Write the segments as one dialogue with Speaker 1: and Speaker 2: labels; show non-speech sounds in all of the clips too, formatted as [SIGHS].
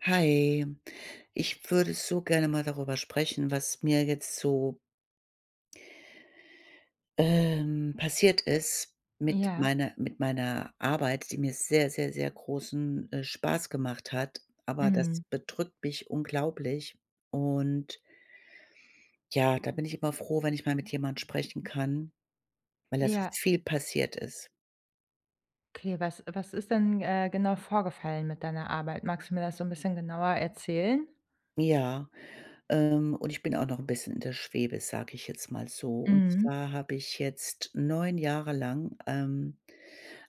Speaker 1: Hi. Ich würde so gerne mal darüber sprechen, was mir jetzt so ähm passiert ist mit
Speaker 2: Ja.
Speaker 1: meiner mit meiner Arbeit, die mir sehr, sehr, sehr großen, äh, Spaß gemacht hat, aber das
Speaker 2: Mhm.
Speaker 1: bedrückt mich unglaublich und ja, da bin ich immer froh, wenn ich mal mit jemand sprechen kann, weil da so
Speaker 2: Ja.
Speaker 1: viel passiert ist.
Speaker 2: Okay, was was ist denn, äh, genau vorgefallen mit deiner Arbeit? Magst du mir das so 'n bisschen genauer erzählen?
Speaker 1: Ja, ähm, und ich bin auch noch 'n bisschen in der Schwebe, sage ich jetzt mal so. Und
Speaker 2: Mhm.
Speaker 1: zwar habe ich jetzt 9 Jahre lang, ähm,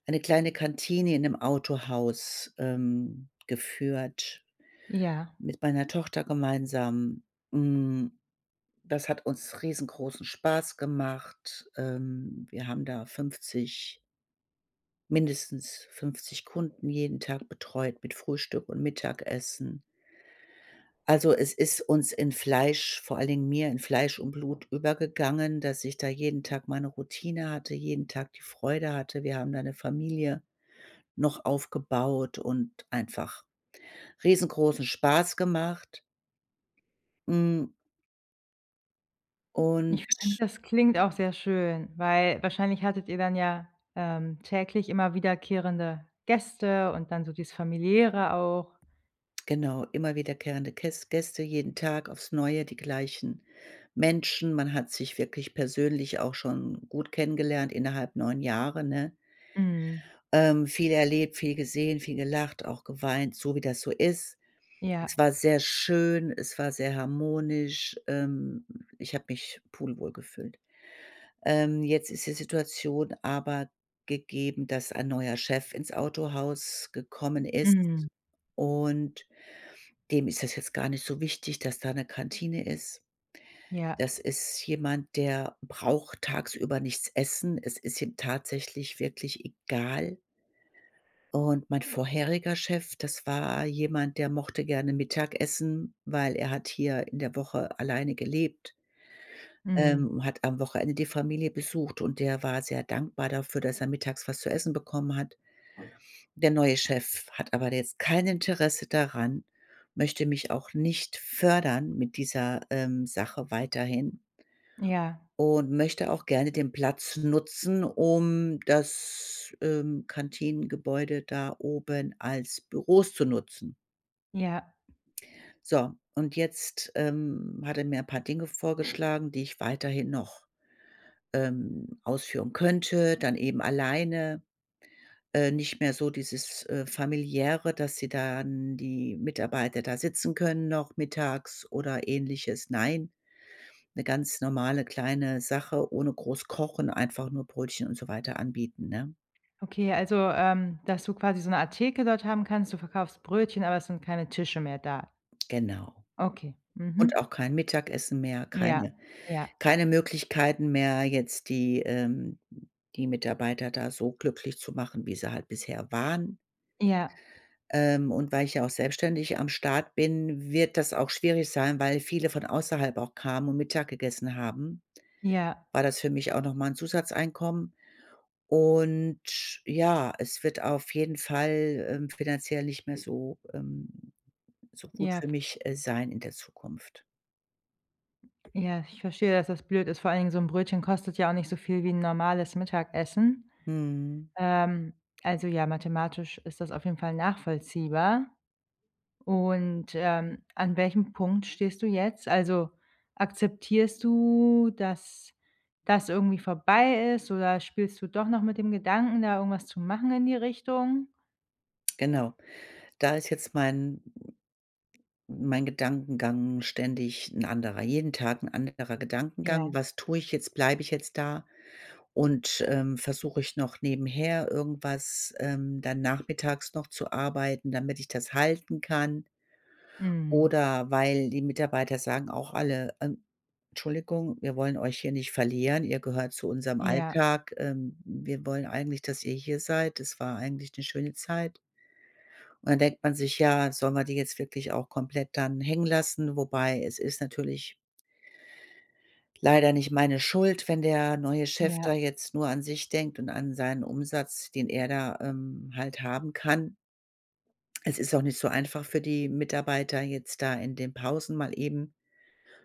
Speaker 1: eine kleine Kantine in 'nem Autohaus, ähm, geführt
Speaker 2: Ja.
Speaker 1: mit meiner Tochter gemeinsam. Hm, das hat uns riesengroßen Spaß gemacht. Ähm, wir haben da 50 mindestens 50 Kunden jeden Tag betreut mit Frühstück und Mittagessen. Also es ist uns in Fleisch vor allen Dingen mir in Fleisch und Blut übergegangen, dass ich da jeden Tag meine Routine hatte, jeden Tag die Freude hatte. Wir haben da 'ne Familie noch aufgebaut und einfach riesengroßen Spaß gemacht. Hm
Speaker 2: Ich
Speaker 1: und
Speaker 2: finde, das klingt auch sehr schön, weil wahrscheinlich hattet ihr dann ja, ähm, täglich immer wiederkehrende Gäste und dann so dieses Familiäre auch.
Speaker 1: Genau, immer wiederkehrende Käss Gäste jeden Tag aufs Neue, die gleichen Menschen. Man hat sich wirklich persönlich auch schon gut kennengelernt innerhalb 9 Jahre, ne?
Speaker 2: Mhm.
Speaker 1: Ähm, viel erlebt, viel gesehen, viel gelacht, auch geweint, so wie das so ist. Es
Speaker 2: Ja.
Speaker 1: war sehr schön, es war sehr harmonisch. Ähm, ich habe mich pudelwohl gefühlt. Ähm, jetzt ist die Situation aber gegeben, dass ein neuer Chef ins Autohaus gekommen ist
Speaker 2: Mhm.
Speaker 1: und dem ist das jetzt gar nicht so wichtig, dass da 'ne Kantine ist.
Speaker 2: Ja.
Speaker 1: Das ist jemand, der braucht tagsüber nichts essen. Es ist ihm tatsächlich wirklich egal. Und mein vorheriger Chef, das war jemand, der mochte gerne Mittagessen, weil er hat hier in der Woche alleine gelebt
Speaker 2: Mhm.
Speaker 1: ähm, hat am Wochenende die Familie besucht und der war sehr dankbar dafür, dass er Mittags was zu Essen bekommen hat. Der neue Chef hat aber jetzt kein Interesse daran, möchte mich auch nicht fördern mit dieser, ähm, Sache weiterhin.
Speaker 2: Ja.
Speaker 1: Und möchte auch gerne den Platz nutzen, um das, ähm, Kantinengebäude da oben als Büros zu nutzen.
Speaker 2: Ja.
Speaker 1: So, und jetzt, ähm, hat er mir ein paar Dinge vorgeschlagen, die ich weiterhin noch, ähm, ausführen könnte, dann eben alleine. Äh, nicht mehr so dieses, äh, Familiäre, dass die dann die Mitarbeiter da sitzen können noch mittags oder Ähnliches. Nein, 'ne ganz normale kleine Sache ohne groß Kochen, einfach nur Brötchen und so weiter anbieten, ne?
Speaker 2: Okay, also, ähm, dass du quasi so 'ne Art Theke dort haben kannst, du verkaufst Brötchen, aber es sind keine Tische mehr da?
Speaker 1: Genau.
Speaker 2: Okay,
Speaker 1: Und
Speaker 2: mhm.
Speaker 1: auch kein Mittagessen mehr,
Speaker 2: Ja,
Speaker 1: keine [INHALES]
Speaker 2: ja.
Speaker 1: keine Möglichkeiten mehr, jetzt die, ähm, die Mitarbeiter da so glücklich zu machen, wie sie halt bisher waren.
Speaker 2: Ja.
Speaker 1: Ähm, und weil ich ja auch selbstständig am Start bin, wird das auch schwierig sein, weil viele von außerhalb auch kamen und Mittag gegessen haben,
Speaker 2: Ja.
Speaker 1: war das für mich auch noch mal 'n Zusatzeinkommen. Und ja, es wird auf jeden Fall, ähm, finanziell nicht mehr so, ähm, so gut
Speaker 2: Ja.
Speaker 1: für mich sein in der Zukunft.
Speaker 2: Ja, ich verstehe, dass das blöd ist. Vor einigen so 'n Brötchen kostet ja auch nicht so viel wie 'n normales Mittagessen.
Speaker 1: Mhm.
Speaker 2: Ähm. [SMACKS LIPS] Also ja, mathematisch ist das auf jeden Fall nachvollziehbar. Und, ähm, an welchem Punkt stehst du jetzt? Also akzeptierst du, dass, das irgendwie vorbei ist oder spielst du doch noch mit dem Gedanken, da irgendwas zu machen in die Richtung?
Speaker 1: Genau. Da ist jetzt mein mein Gedankengang ständig 'n anderer, jeden Tag 'n anderer Gedankengang.
Speaker 2: Ja.
Speaker 1: Was tue ich jetzt? Bleib ich jetzt da? Und, ähm, versuch ich noch nebenher irgendwas, ähm, dann nachmittags noch zu arbeiten, damit ich das halten kann?
Speaker 2: Mm.
Speaker 1: Oder weil die Mitarbeiter sagen auch alle, ähm, Tschuldigung, wir wollen euch hier nicht verlieren, ihr gehört zu unserem
Speaker 2: Ja.
Speaker 1: Alltag, ähm, wir wollen eigentlich, dass ihr hier seid. Das war eigentlich 'ne schöne Zeit. Und dann denkt man sich, ja, sollen wir die jetzt wirklich auch komplett dann hängen lassen? Wobei es ist natürlich leider nicht meine Schuld, wenn der neue Chef
Speaker 2: Ja.
Speaker 1: da jetzt nur an sich denkt und an seinen Umsatz, den er da, ähm, halt haben kann. Es ist auch nicht so einfach für die Mitarbeiter, jetzt da in den Pausen mal eben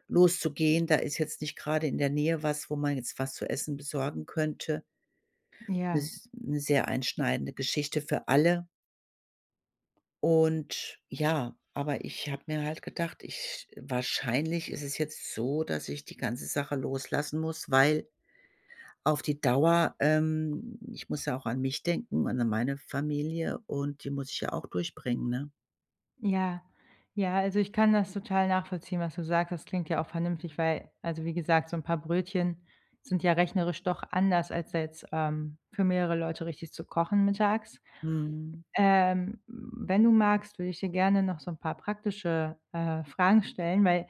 Speaker 1: loszugehen. Da ist jetzt nicht grade in der Nähe was, wo man jetzt was zu Essen besorgen könnte.
Speaker 2: Ja.
Speaker 1: Ist 'ne sehr einschneidende Geschichte für alle. Und ja, aber ich habe mir halt gedacht, ich sch wahrscheinlich ist es jetzt so, dass ich die ganze Sache loslassen muss, weil auf die Dauer, ähm, ich muss ja auch an mich denken und an meine Familie und die muss ich ja auch durchbringen, ne?
Speaker 2: Ja, ja, also, ich kann das total nachvollziehen, was du sagtest. Klingt ja auch vernünftig, weil also, wie gesagt, so 'n paar Brötchen sind ja rechnerisch doch anders als da jetzt, ähm, für mehrere Leute richtig zu kochen mittags.
Speaker 1: Mhm.
Speaker 2: Ähm, wenn du magst, würde ich dir gerne noch so 'n paar praktische, äh, Fragen stellen, weil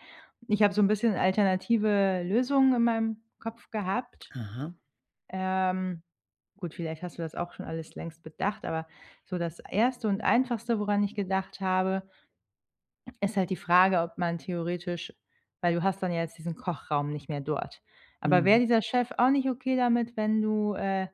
Speaker 2: ich hab so 'n bisschen alternative Lösungen in meinem Kopf gehabt.
Speaker 1: Aha.
Speaker 2: Ähm, gut, vielleicht hast du das auch schon alles längst bedacht, aber so das 1. und Einfachste, woran ich gedacht habe, ist halt die Frage, ob man theoretisch, weil du hast dann ja jetzt diesen Kochraum nicht mehr dort, aber wäre
Speaker 1: Mhm.
Speaker 2: dieser Chef auch nicht okay damit, wenn du, äh,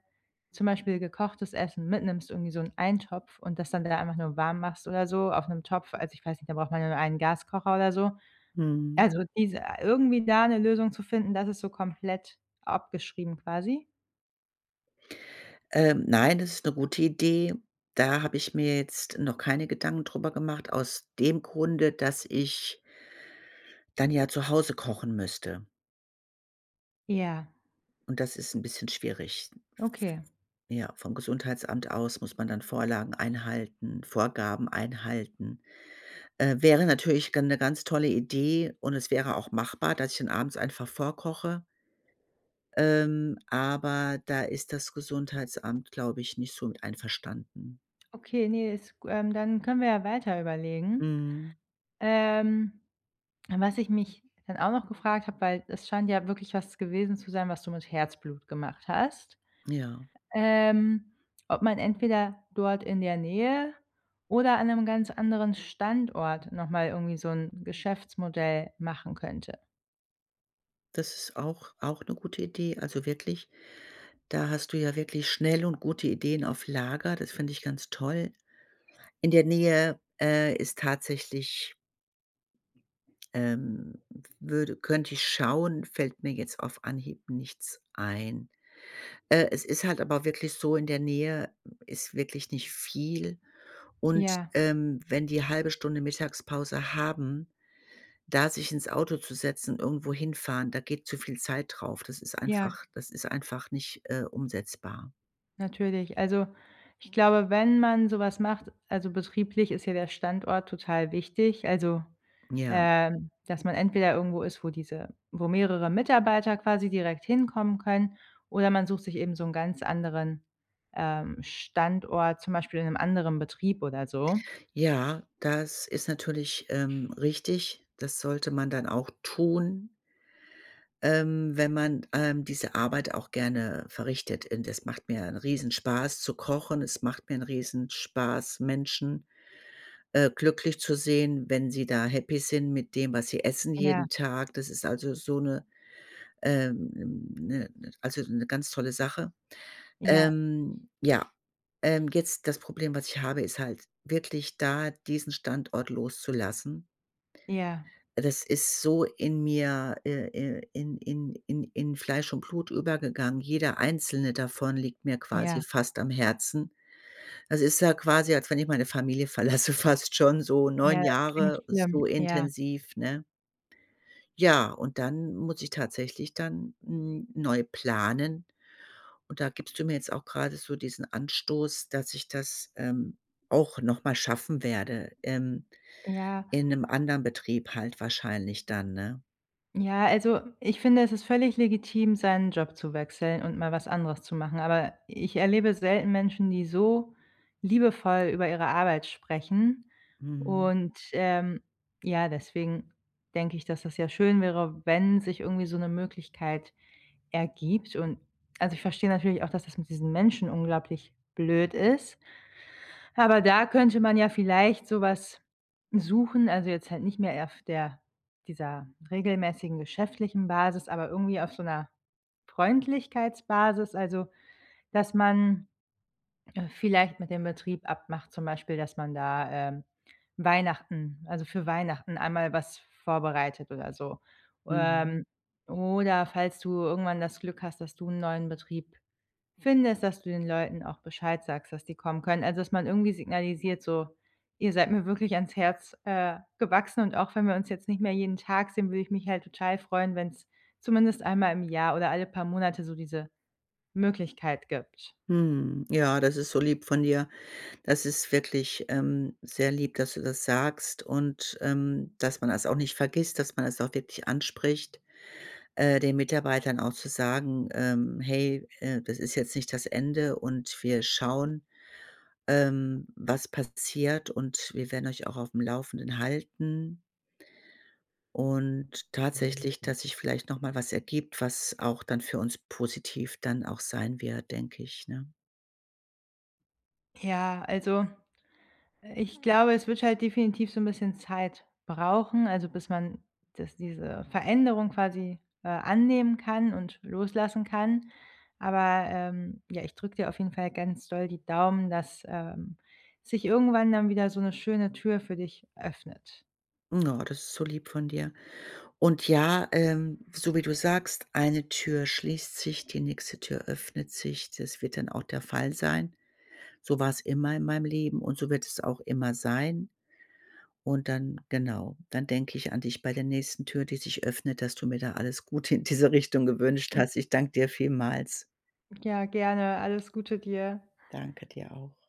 Speaker 2: zum Beispiel gekochtes Essen mitnimmst, irgendwie so 'n Eintopf und das dann wieder einfach nur warm machst oder so auf 'nem Topf, also, ich weiß nicht, da braucht man ja nur einen Gaskocher oder so.
Speaker 1: Mhm.
Speaker 2: Also diese irgendwie da 'ne Lösung zu finden, das ist so komplett abgeschrieben quasi?
Speaker 1: Ähm, nein, das ist 'ne gute Idee. Da habe ich mir jetzt noch keine Gedanken drüber gemacht aus dem Grunde, dass ich dann ja zu Hause kochen müsste.
Speaker 2: Ja.
Speaker 1: Und das ist 'n bisschen schwierig.
Speaker 2: Okay.
Speaker 1: Ja, vom Gesundheitsamt aus muss man dann Vorlagen einhalten, Vorgaben einhalten. Äh, wäre natürlich gan 'ne ganz tolle Idee und es wäre auch machbar, dass ich dann abends einfach vorkoche. Ähm, aber da ist das Gesundheitsamt, glaube ich, nicht so einverstanden.
Speaker 2: Okay, ne, ist, gu ähm, dann können wir ja weiter überlegen.
Speaker 1: Mhm.
Speaker 2: Ähm, was ich mich dann auch noch gefragt habe, weil es scheint ja wirklich was gewesen zu sein, was du mit Herzblut gemacht hast,
Speaker 1: Ja.
Speaker 2: ähm, ob man entweder dort in der Nähe oder an 'nem ganz anderen Standort noch mal irgendwie so 'n Geschäftsmodell machen könnte.
Speaker 1: Das ist auch auch 'ne gute Idee. Also wirklich, da hast du ja wirklich schnell und gute Ideen auf Lager. Das fänd ich ganz toll. In der Nähe, äh, ist tatsächlich ähm, w würde könnt ich schauen, fällt mir jetzt auf Anhieb nichts ein. Äh, es ist halt aber wirklich so, in der Nähe ist wirklich nicht viel. Und,
Speaker 2: Ja.
Speaker 1: ähm, wenn die 1/2 Stunde Mittagspause haben, da sich ins Auto zu setzen und irgendwo hinfahren, da geht zu viel Zeit drauf. Das ist einfach
Speaker 2: Ja.
Speaker 1: das ist einfach nicht, äh, umsetzbar.
Speaker 2: Natürlich. Also, ich glaube, wenn man so was macht, also, betrieblich ist hier der Standort total wichtig, also,
Speaker 1: Ja.
Speaker 2: ähm, dass man entweder irgendwo ist, wo diese wo mehrere Mitarbeiter quasi direkt hinkommen können oder man sucht sich eben so 'n ganz anderen, ähm, Standort, zum Beispiel in 'nem anderen Betrieb oder so.
Speaker 1: Ja, das ist natürlich, ähm, richtig. Das sollte man dann auch tun ähm, wenn man, ähm, diese Arbeit auch gerne verrichtet. Und es macht mir 'n Riesenspaß zu kochen. Es macht mir 'n Riesenspaß, Menschen, äh, glücklich zu sehen, wenn sie da Happy sind mit dem, was sie essen
Speaker 2: Ja.
Speaker 1: jeden Tag. Das ist also so 'ne, ähm, 'ne also, 'ne ganz tolle Sache.
Speaker 2: Ja.
Speaker 1: Ähm, ja, ähm, jetzt das Problem, was ich habe, ist halt wirklich da diesen Standort loszulassen.
Speaker 2: Ja.
Speaker 1: Das ist so in mir ir ir in in in in Fleisch und Blut übergegangen. Jeder einzelne davon liegt mir quasi
Speaker 2: Ja.
Speaker 1: fast am Herzen. Es ist ja quasi, als wenn ich meine Familie verlasse, fast schon so
Speaker 2: Ja,
Speaker 1: 9
Speaker 2: das klingt
Speaker 1: Jahre
Speaker 2: schlimm,
Speaker 1: so
Speaker 2: ja.
Speaker 1: intensiv, ne? Ja, und dann muss ich tatsächlich dann, hm, neu planen. Und da gibst du mir jetzt auch grade so diesen Anstoß, dass ich das, ähm, auch noch mal schaffen werde, ähm,
Speaker 2: Ja.
Speaker 1: in 'nem anderen Betrieb halt wahrscheinlich dann, ne?
Speaker 2: Ja, also, ich finde, es ist völlig legitim, seinen Job zu wechseln und mal was anderes zu machen, aber ich erlebe selten Menschen, die so liebevoll über ihre Arbeit sprechen
Speaker 1: Mhm.
Speaker 2: und, ähm, ja, deswegen denke ich, dass, das ja schön wäre, wenn sich irgendwie so 'ne Möglichkeit ergibt und also, ich versteh natürlich auch, dass das mit diesen Menschen unglaublich blöd ist, [INHALES] aber da könnte man ja vielleicht so was suchen, also, jetzt halt nicht mehr auf der dieser regelmäßigen geschäftlichen Basis, aber irgendwie auf so 'ner Freundlichkeitsbasis, also, dass man vielleicht mit dem Betrieb abmacht zum Beispiel, dass man da, ähm, Weihnachten also, für Weihnachten einmal was vorbereitet oder so.
Speaker 1: Mhm.
Speaker 2: Ähm, oder falls du irgendwann das Glück hast, dass du 'n neuen Betrieb findest, dass du den Leuten auch Bescheid sagst, dass die kommen können, also, dass man irgendwie signalisiert so: „Ihr seid mir wirklich ans Herz, äh, gewachsen und auch wenn wir uns jetzt nicht mehr jeden Tag sehen, würde ich mich halt total freuen, wenn's zumindest einmal im Jahr oder alle paar Monate so diese Möglichkeit gibt.“
Speaker 1: Mhm. Ja, das ist so lieb von dir. Das ist wirklich, ähm, sehr lieb, dass du das sagst und, ähm, dass man das auch nicht vergisst, dass man es auch wirklich anspricht, äh, den Mitarbeitern auch zu sagen, ähm: „Hey, äh, das ist jetzt nicht das Ende und wir schauen, ähm, was passiert und wir werden euch auch aufm Laufenden halten.“ Und tatsächlich, dass sich vielleicht noch mal was ergibt, was auch dann für uns positiv dann auch sein wird, denke ich, ne?
Speaker 2: Ja, also, ich glaube, es wird halt definitiv so 'n bisschen Zeit brauchen, also, bis man das diese Veränderung quasi, äh, annehmen kann und loslassen kann. Aber, ähm, ja, ich drücke dir auf jeden Fall ganz doll die Daumen, dass, ähm, sich irgendwann dann wieder so 'ne schöne Tür für dich öffnet.
Speaker 1: [SIGHS] Oh, das ist so lieb von dir. Und ja, ähm, so wie du sagst, eine Tür schließt sich, die nächste Tür öffnet sich. Das wird dann auch der Fall sein. So war's immer in meinem Leben und so wird es auch immer sein. Und dann genau, dann denke ich an dich bei der nächsten Tür, die sich öffnet, dass du mir da alles gute in diese [CHUCKLES] Richtung gewünscht hast. Ich dank dir vielmals.
Speaker 2: Ja, gerne. Alles Gute dir.
Speaker 1: Danke dir auch.